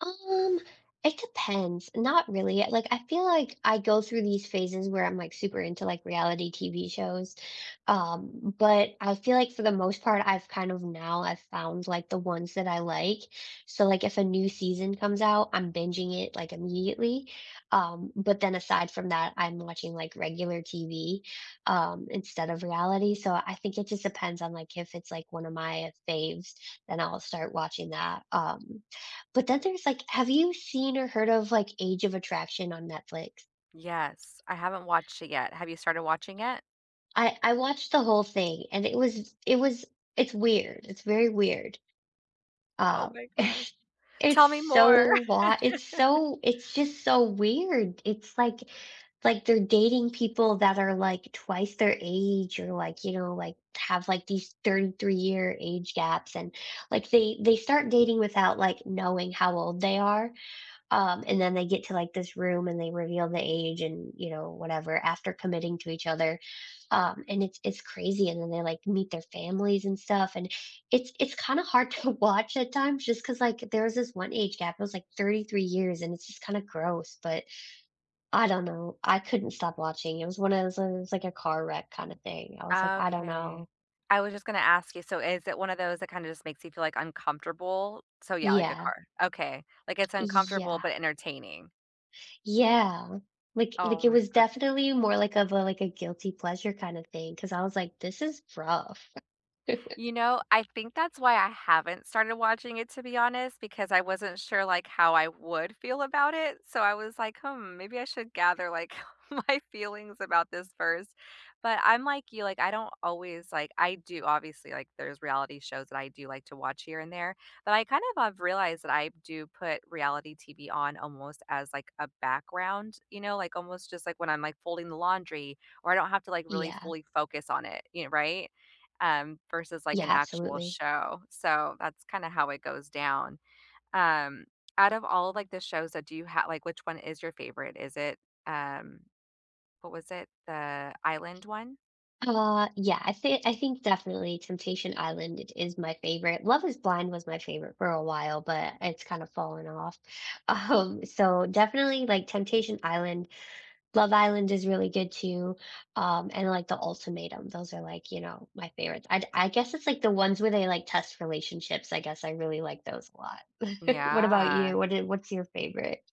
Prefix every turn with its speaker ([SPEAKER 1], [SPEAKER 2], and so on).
[SPEAKER 1] Um, it depends, not really, like, I feel like I go through these phases where I'm, like, super into, like, reality TV shows, um, but I feel like for the most part I've kind of now I've found, like, the ones that I like. So, like, if a new season comes out, I'm binging it, like, immediately, um, but then aside from that, I'm watching, like, regular TV, um, instead of reality, so, I think it just depends on, like, if it's, like, one of my faves, then I'll start watching that, um, but then there's, like, have you seen or heard of, like, Age of Attraction on Netflix?
[SPEAKER 2] Yes, I haven't watched it yet. Have you started watching it?
[SPEAKER 1] I I watched the whole thing and it was it was it's weird, it's very weird,
[SPEAKER 2] Oh
[SPEAKER 1] uh,
[SPEAKER 2] my gosh.
[SPEAKER 1] it's
[SPEAKER 2] Tell me
[SPEAKER 1] so
[SPEAKER 2] more.
[SPEAKER 1] lot it's so it's just so weird. It's, like like, they're dating people that are, like, twice their age or, like, you know, like, have, like, these 33 year age gaps, and, like, they they start dating without, like, knowing how old they are, um, and then they get to, like, this room and they reveal the age, and, you know, whatever after committing to each other, um, and it's it's crazy, and then they, like, meet their families and stuff and it's it's kinda hard to watch at times just 'cause, like, there was this one age gap, it was, like, 33 years, and it's just kinda gross, but I don't know, I couldn't stop watching, it was one of those, it's, like, a car wreck kinda thing. I was, like, I don't
[SPEAKER 2] Okay.
[SPEAKER 1] know.
[SPEAKER 2] I was just gonna ask you, so is it one of those that kinda just makes you feel, like, uncomfortable? So, yeah, like a
[SPEAKER 1] Yeah.
[SPEAKER 2] car okay, like, it's uncomfortable
[SPEAKER 1] Yeah.
[SPEAKER 2] but entertaining.
[SPEAKER 1] Yeah, like
[SPEAKER 2] Oh
[SPEAKER 1] like it
[SPEAKER 2] my
[SPEAKER 1] was
[SPEAKER 2] gosh.
[SPEAKER 1] definitely more, like, of a, like a guilty pleasure kinda thing 'cause I was, like, "This is rough."
[SPEAKER 2] You know, I think that's why I haven't started watching it, to be honest, because I wasn't sure, like, how I would feel about it. So, I was, like, "Hmm, maybe I should gather, like, my feelings about this first," but I'm like you, like, I don't always like, I do obviously like there's reality shows that I do like to watch here and there, but I kind of have realized that I do put reality TV on almost as, like, a background, you know, like, almost just like when I'm, like, folding the laundry, or I don't have to, like, really
[SPEAKER 1] Yeah.
[SPEAKER 2] fully focus on it, you know, right? Um, versus, like, an
[SPEAKER 1] Yeah,
[SPEAKER 2] actual
[SPEAKER 1] absolutely.
[SPEAKER 2] show, so that's kinda how it goes down. Um, out of all, like, the shows, uh, do you ha like, which one is your favorite? Is it, um, what was it, the island one?
[SPEAKER 1] Uh, yeah, I thi I think definitely Temptation Island is my favorite Love is Blind was my favorite for a while, but it's kind of fallen off, um, so definitely, like, Temptation Island. Love Island is really good, too, um, and, like, The Ultimatum, those are, like, you know, my favorites. I I guess it's, like, the ones where they, like, test relationships, I guess I really like those a lot. What about
[SPEAKER 2] Yeah.
[SPEAKER 1] you? What i what's your favorite?